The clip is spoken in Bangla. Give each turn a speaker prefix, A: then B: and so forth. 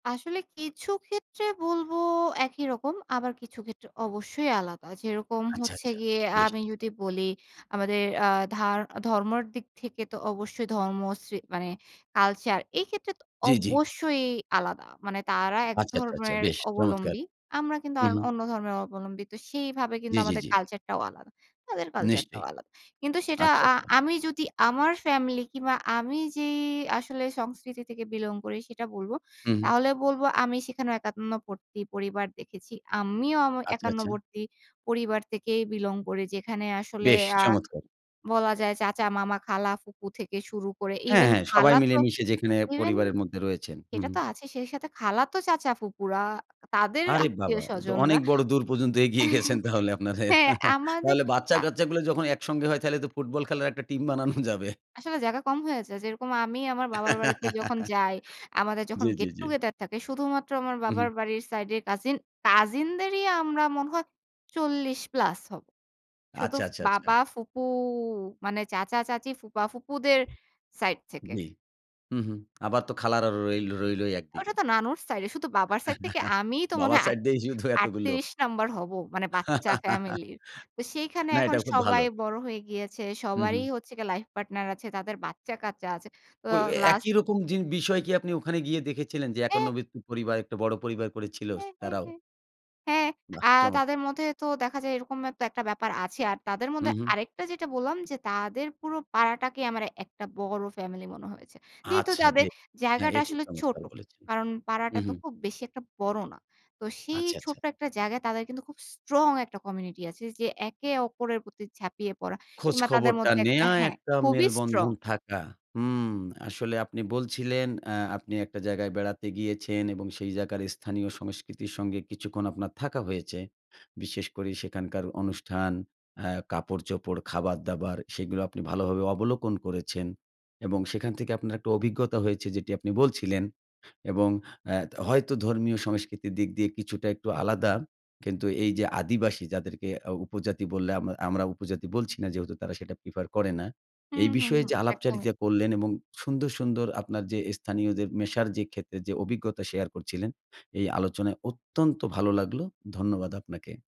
A: আসলে কিছু ক্ষেত্রে বলব একই রকম। আবার কিছু ক্ষেত্রে অবশ্যই আলাদা। যেরকম
B: আইচ্ছা,
A: হচ্ছে
B: আচ্ছা
A: গিয়ে আ
B: বেশ!
A: আমি যদি বলি আমাদের আ ধা ধর্মর দিক থেকে তো অবশ্যই ধর্মশ্রী মানে কালচার এই ক্ষেত্রে তো
B: জ্বি, জ্বি।
A: অবশ্যই আলাদা। মানে তারা
B: আচ্ছা, আচ্ছা, আচ্ছা
A: একধর্মের
B: বেশ চমৎকার!
A: অবলম্বী। আমরা কিন্তু আর
B: উম
A: অন্য ধর্মের অবলম্বী। তো সেইভাবে কিন্তু
B: জ্বি, জ্বি,
A: আমাদের
B: জ্বি।
A: কালচার টাও আলাদা। তাদের কালচার টাও
B: নিশ্চয়ই।
A: আলাদা। কিন্তু সেটা
B: আচ্ছা,
A: আ
B: আচ্ছা।
A: আমি যদি আমার ফ্যামিলি কিংবা আমি যে আসলে সংস্কৃতি থেকে বিলং করি সেটা বলব।
B: উ হুম।
A: তাহলে বলব আমি সেখানেও একান্নবর্তী পরিবার দেখেছি। আমিও আম
B: আচ্ছা, আচ্ছা।
A: একান্নবর্তী পরিবার থেকেই বিলং করি। যেখানে আসলে
B: বেশ
A: আ
B: চমৎকার!
A: বলা যায় চাচা, মামা, খালা ফুকু থেকে শুরু করে
B: হ্যাঁ,
A: ইভেন
B: হ্যাঁ, সবাই
A: খালা তো
B: মিলেমিশে যেখানে
A: ইভেন
B: পরিবারের মধ্যে রয়েছেন। হু,
A: সেটা
B: হু।
A: তো আছেই। সেই সাথে খালাতো চাচা ফুপুরা, তাদের
B: আরে
A: আত্মীয়
B: বাবা! এতো
A: স্বজনরা
B: অনেক বড় দূর পর্যন্ত এগিয়ে
A: এহ
B: গেছেন তাহলে আপনাদের।
A: হ্যাঁ, আমাদের
B: তাহলে
A: আ
B: বাচ্চা-কাচ্চাগুলা যখন একসঙ্গে হয় তাইলে তো ফুটবল খেলার একটা টিম বানানো যাবে।
A: আসলে জায়গা কম হয়ে যায়, যেরকম আমি আমার বাবার বাড়িতে যখন যাই, আমাদের যখন
B: জি, জি, জি।
A: গেট-টুগেদার থাকে শুধুমাত্র আমার
B: উ
A: বাবার
B: হু।
A: বাড়ির সাইডের কাজিন, কাজিনদেরই আমরা মনে হয় 40+ হব।
B: আচ্ছা,
A: শুধু
B: আচ্ছা, আচ্ছা।
A: বাবা, ফুপু মানে চাচা-চাচি, ফুপা-ফুপুদের সাইড থেকে।
B: জি। হু, হু আবার তো খালারা রই রইলই
A: ওইটা
B: একদিকে।
A: তো নানুর সাইডে। শুধু বাবার সাইড থেকে আমিই তো মনে
B: বাবার
A: হয় ৮
B: সাইড দেই শুধু এতগুলো।
A: ৩৮ নাম্বার হব। মানে বাচ্চা ফ্যামিলির। তো সেইখানে
B: না,
A: এখন
B: এটাও খুব
A: সবাই
B: ভালো।
A: বড় হয়ে গিয়েছে।
B: হু,
A: সবারই
B: হু।
A: হচ্ছে গে লাইফ পার্টনার আছে, তাদের বাচ্চা-কাচ্চা আছে। তো
B: ওই, ওই
A: লাস্ট
B: একই রকম জি বিষয় কি আপনি ওখানে গিয়ে দেখেছিলেন? যে
A: অ্যা
B: একান্নবর্তি পরিবার একটা বড় পরিবার করে ছিল
A: হ্যাঁ, হ্যাঁ,
B: তারাও?
A: হ্যাঁ, হ্যাঁ,
B: বাহ
A: আ তাদের
B: চমৎকার!
A: মধ্যে তো দেখা যায় এরকমের তো একটা ব্যাপার আছে। আর তাদের
B: উ
A: মধ্যে
B: হু।
A: আরেকটা যেটা বললাম, যে তাদের পুরো পাড়াটাকে আমার একটা বড় ফ্যামিলি মনে হয়েছে। যেহেতু
B: আচ্ছা
A: যাবে
B: ব্যা হ্যাঁ
A: জায়গাটা
B: এটি
A: আসলে ছোট।
B: চমৎকার বলেছেন!
A: কারণ পাড়াটা তো
B: উহু।
A: খুব বেশি একটা বড় না। তো সেই
B: আচ্ছা, আচ্ছা।
A: ছোট্ট একটা জায়গায় তাদের কিন্তু খুব স্ট্রং একটা কমিউনিটি আছে, যে একে অপরের প্রতি ঝাপিয়ে পড়া
B: খোঁজ
A: কিংবা তাদের
B: খবরটা
A: মধ্যে একটা
B: নেয়া
A: হ্যাঁ,
B: একটা
A: খুবই স্ট্রং।
B: মেলবন্ধন থাকা। হুম। আসলে আপনি বলছিলেন, অ্যা আপনি একটা জায়গায় বেড়াতে গিয়েছেন এবং সেই জায়গার স্থানীয় সংস্কৃতির সঙ্গে কিছুক্ষণ আপনার থাকা হয়েছে। বিশেষ করে সেখানকার অনুষ্ঠান, আ কাপড়-চোপড়, খাবার-দাবার সেগুলো আপনি ভালোভাবে অবলোকন করেছেন। এবং সেখান থেকে আপনার একটা অভিজ্ঞতা হয়েছে যেটি আপনি বলছিলেন। এবং অ্যা ত হয়তো ধর্মীয় সংস্কৃতির দিক দিয়ে কিছুটা একটু আলাদা। কিন্তু এই যে আদিবাসী যাদেরকে আউ উপজাতি বললে, আম আমরা উপজাতি বলছি না যেহেতু তারা সেটা প্রিফার করে না।
A: হুম,
B: এই
A: হুম,
B: বিষয়ে
A: হুম
B: যে
A: একদমই।
B: আলাপচারিতা করলেন এবং সুন্দর, সুন্দর আপনার যে অ্যা স্থানীয়দের মেশার যে ক্ষেত্রে যে অভিজ্ঞতা শেয়ার করছিলেন এই আলোচনায় অত্যন্ত ভালো লাগলো। ধন্যবাদ আপনাকে।